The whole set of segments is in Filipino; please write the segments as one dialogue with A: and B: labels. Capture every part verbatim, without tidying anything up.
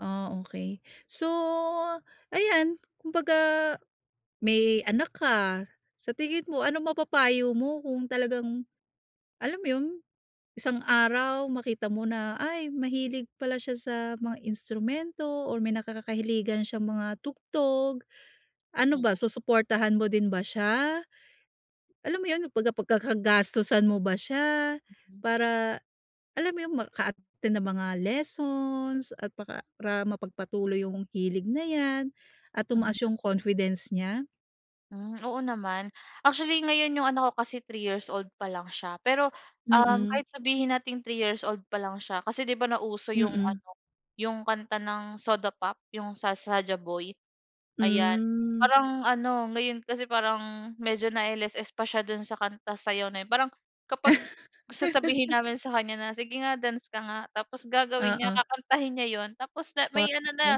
A: Oh, okey. So, ayan, kumbaga may anak ka. Sa tingin mo, ano mapapayo mo kung talagang alam mo yun, isang araw makita mo na, "Ay, mahilig pala siya sa mga instrumento or may nakakakahiligan siyang mga tugtog." Ano ba,
B: Mm.
A: susuportahan mo din ba siya? Alam mo yun, pagka pag-kakagastusan mo ba siya,
B: Mm.
A: para alam mo yung maka-attend ng mga lessons at paka para mapagpatuloy yung hilig na 'yan at tumaas
B: Mm.
A: yung confidence niya?
B: Hmm, oo naman, actually ngayon yung anak ko kasi three years old pa lang siya. Pero uhm,
A: Mm.
B: kahit sabihin nating three years old pa lang siya, kasi 'di ba, nauso yung
A: Mm.
B: ano, yung kanta ng Soda Pop yung sa Saja Boy. Ayan,
A: Hmm.
B: parang ano, ngayon kasi parang, medyo na LSS pa siya dun sa kanta sayaw na yun. Parang kapag sasabihin namin sa kanya na sige nga dance ka nga, tapos gagawin niya
A: Oo.
B: kakantahin niya yun. Tapos na
A: Wow.
B: may ano na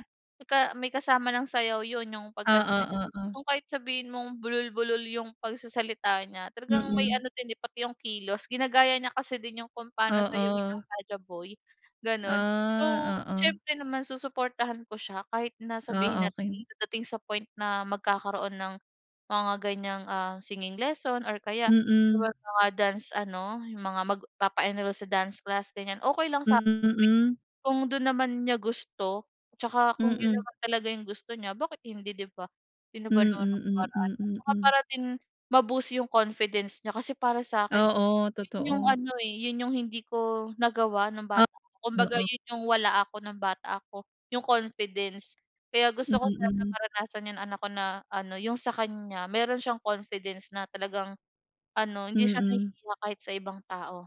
B: may ka may kasama ng sayaw yun yung pagkanta
A: Oo,
B: niya
A: oo.
B: yung kahit sabihin mong bulol-bulol yung pagsasalita niya, talagang may
A: Mm.
B: ano din eh, pati yung kilos ginagaya niya kasi din yung kung pano sayawin ng
A: Oo.
B: Saja Boy, ganon. So,
A: Ah, oo.
B: siyempre naman susuportahan ko siya kahit na sabihin
A: Oh,
B: natin
A: okey.
B: dadating sa point na magkakaroon ng, mga ganyang ah, singing lesson or kaya yung
A: Mm.
B: mga dance ano, yung mga magpapa-enroll sa dance class ganyan. Okey lang sa'kin
A: Mm,
B: kasi
A: mm
B: kung dun naman niya gusto, 'tsaka kung yun
A: Mm.
B: naman talaga yung gusto niya bakit hindi di ba? Sino ba
A: Mm,
B: naman ako para ano,
A: mm,
B: 'tsaka
A: mm.
B: para din ma-boost yung confidence niya. Kasi para sa'kin,
A: Oo,
B: yun yung
A: totoo.
B: ano eh, yun yung hindi ko nagawa nung
A: Ah,
B: bata. Kumbaga
A: oo.
B: yun yung wala ako nung bata ako, yung confidence. Kaya gusto ko sana
A: Mm.
B: maranasan, yung anak ko na ano yung sa kanya meron siyang confidence na talagang ano, hindi siya
A: Mm.
B: nahihiya kahit sa ibang tao